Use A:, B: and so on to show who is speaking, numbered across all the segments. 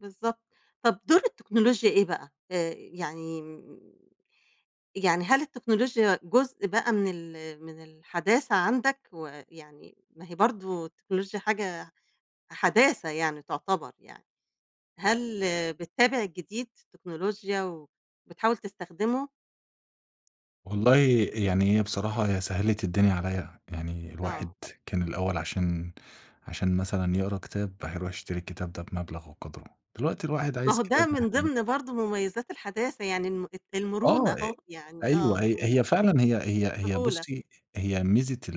A: بالضبط. طب دور التكنولوجيا إيه بقى، آآ، يعني م يعني هل التكنولوجيا جزء بقى من ال من الحداثة عندك؟ ويعني ما هي برضو التكنولوجيا حاجة حداثة يعني، تعتبِر يعني، هل بتِّابِع جديد التكنولوجيا وبتحاول تستخدِمه؟
B: والله، يعني هي بصراحة سهَّلِت الدنيا عليّا، يعني الواحد
A: آه.
B: كان الأول عشان عشان مثلًا يقرَأ كتاب، الواحد يرُوح يشتري الكتاب ده بمبلَغ وقدره، دلوقتي الواحد
A: ما
B: عايز
A: هو
B: كتاب
A: ده من
B: هيحمِّله.
A: ضمن برضه مميزات الحداثة يعني الم
B: آه،
A: المرونة
B: أ
A: أهو، يعني
B: أيوه
A: آه،
B: هي
A: وال
B: هي فعلًا هي هي هي
A: سهولة.
B: بُصي، هي ميزة ال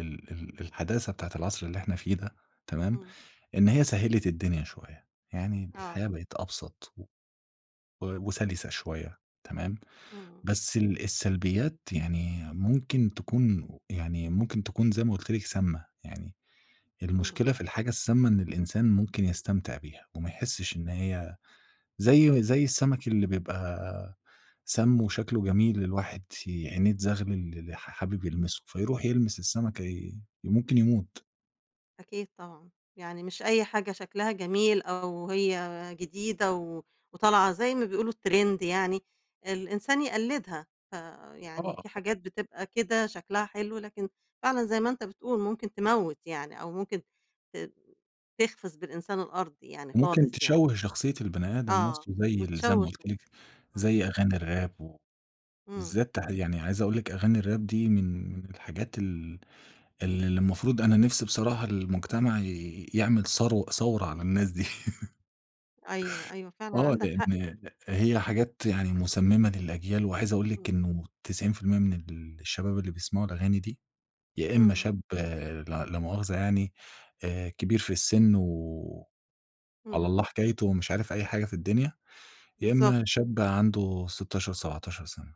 B: ال ال ال الحداثة بتاعة العصر اللي إحنا فيه ده، تمام،
A: امم.
B: إن هي سهَّلِت الدنيا شوية يعني،
A: آه.
B: الحياة بقت أبسَط و وسَلِسة شوية، تمام.
A: امم.
B: بس ال السلبيات يعني ممكن تكون يعني ممكن تكون زي ما قُلت لك سامَّة. يعني
A: امم.
B: المشكلة في الحاجة السامَّة إن الإنسان ممكن يستمتِع بيها وما يحِسِّش إن هي زي زي السمك اللي بيبقى سامّ وشكله جميل، الواحد ي عينيه تزغلِل، حا حابِب يلمَسه، فيرُوح يلمَس السمكة، ي ممكن يمُوت.
A: أكيد طبعًا، يعني مش أي حاجة شكلها جميل أو هي جديدة وطالعة، زي ما بيقولوا الtrend يعني، الإنسان يقلِّدها. فيعني في
B: آه.
A: حاجات بتبقى كده شكلها حلو، لكن فعلًا زي ما أنتَ بتقول ممكن تموِّت يعني، أو ممكن ت تخسِف بالإنسان الأرض يعني
B: وممكن
A: خالص يعني.
B: تشوَّه شخصية البني آدم
A: آه،
B: نفسه، زي ال زي ما
A: وتشوش،
B: قُلت لك،
A: امم.
B: زي أغاني الراب و
A: امم.
B: بالذات يعني عايزة أقول لِك أغاني الراب دي من الحاجات ال ال المفروض أنا نفسي بصراحة، المجتمع يعمَل ثرو ثورة على الناس دي.
A: أيوه، أيوه، فعلًا
B: آه،
A: عندك حق.
B: لأن هي حاجات يعني مسمِّمة للأجيال، وعايز أقول
A: امم.
B: لِك إنه 90% من الشباب اللي بيسمَعوا الأغاني دي، يا إما
A: امم.
B: شاب لا مؤاخذة يعني كبير في السن وعلى
A: امم.
B: الله حكايته ومش عارف أي حاجة في الدنيا، يا
A: بالضبط.
B: إما شاب عنده 16، 17 سنة.